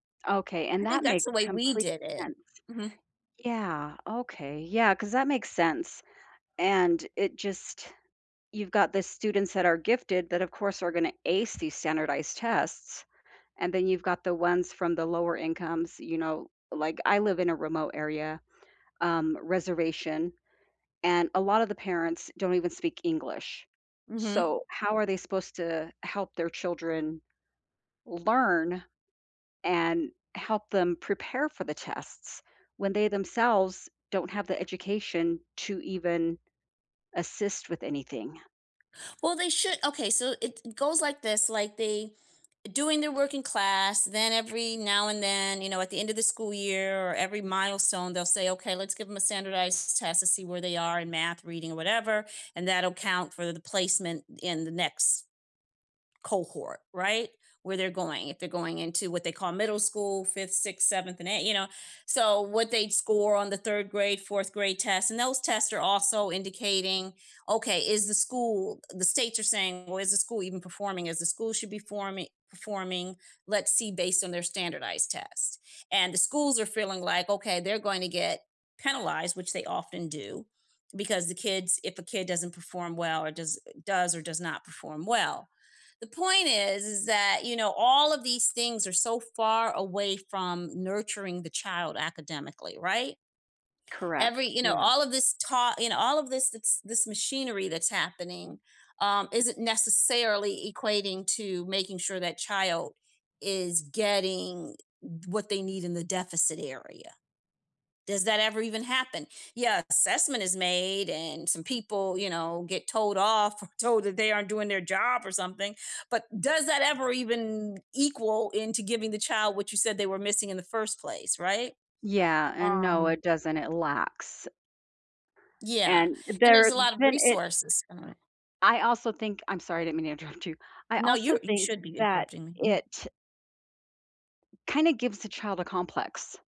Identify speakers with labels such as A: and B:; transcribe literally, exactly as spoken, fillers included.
A: Okay,
B: I
A: and
B: think
A: that
B: that's
A: makes
B: the way we
A: complete
B: did it.
A: sense.
B: Mhm.
A: Yeah, okay, yeah, 'cause that makes sense, and it just you've got the students that are gifted that, of course, are gonna ace these standardized tests, and then you've got the ones from the lower incomes, you know like, I live in a remote area, um, reservation, and a lot of the parents don't even speak English,
B: Mhm.
A: so, how are they supposed to help their children learn and help them prepare for the tests, when they themselves don't have the education to even assist with anything?
B: Well, they should okay, so it goes like this, like, they doing their work in class, then every now and then, you know, at the end of the school year or every milestone, they'll say, "Okay, let's give 'em a standardized test to see where they are in math, reading, whatever, and that'll count for the placement in the next cohort," right, where they're going, if they're going into what they call middle school; fifth, sixth, seventh, and eighth you know, so, what they'd score on the third grade, fourth grade tests, and those tests are also indicating, "Okay, is the school" the states are saying, "Well, is the school even performing, is the school should be forming performing, let's see based on their standardized tests," and the schools are feeling like, okay, they're going to get penalized, which they often do, because the kids if a kid doesn't perform well, or does does or does not perform well. The point is, is that, you know, all of these things are so far away from nurturing the child academically, right? Every
A: Correct,
B: you know,
A: yeah.
B: all of this taught you know, all of this this machinery that's happening, um, isn't necessarily equating to making sure that child is getting what they need in the deficit area. Does that ever even happen, yeah, assessment is made and some people, you know, get told off or told that they aren't doing their job or something, but does that ever even equal into giving the child what you said they were missing in the first place, right?
A: Yeah, and no,
B: Um
A: it doesn't, it lacks
B: Yeah,
A: and
B: and there's
A: there
B: a lot of
A: then it
B: resources [unintelligible]
A: I also think I'm sorry, I didn't mean to interrupt you, I
B: No,
A: also
B: you're you
A: think
B: should be
A: that
B: interrupting me, mm.
A: it kinda gives the child a complex.